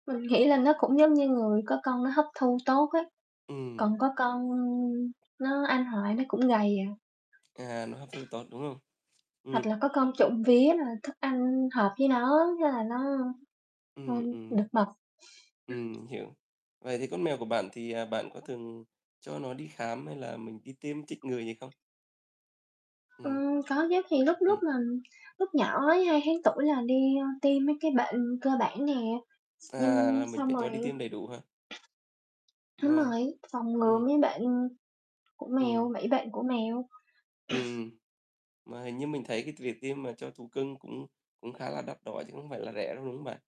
Mình nghĩ là nó cũng giống như người, có con nó hấp thu tốt ấy, Ừm. còn có con nó ăn hoài nó cũng gầy à. À, nó hấp thu tốt, đúng không? Hoặc Ừm. là có con trộm vía là thức ăn hợp với nó á, nên là nó ăn Ừm, ừm. được mập. Ừm, hiểu. Vậy thì con mèo của bạn, thì, ờ, bạn có thường cho nó đi khám, hay là mình đi tiêm chích ngừa gì không? Ừm. Ừm, có chứ. Thì lúc lúc Ừm. mà lúc nhỏ ấy, 2 tháng tuổi là đi, ơ, tiêm mấy cái bệnh cơ bản nè. X À, nhưng là mình xong phải rồi cho đi tiêm đầy đủ hả? đúng Mà rồi, phòng ngừa ừm. mấy bệnh của mèo, Ừm. mấy bệnh của mèo. Ừm, mà hình như mình thấy cái t việc tiêm mà cho thú cưng cũng cũng khá là đắt đỏ chứ không phải là rẻ đâu, đúng hông bạn?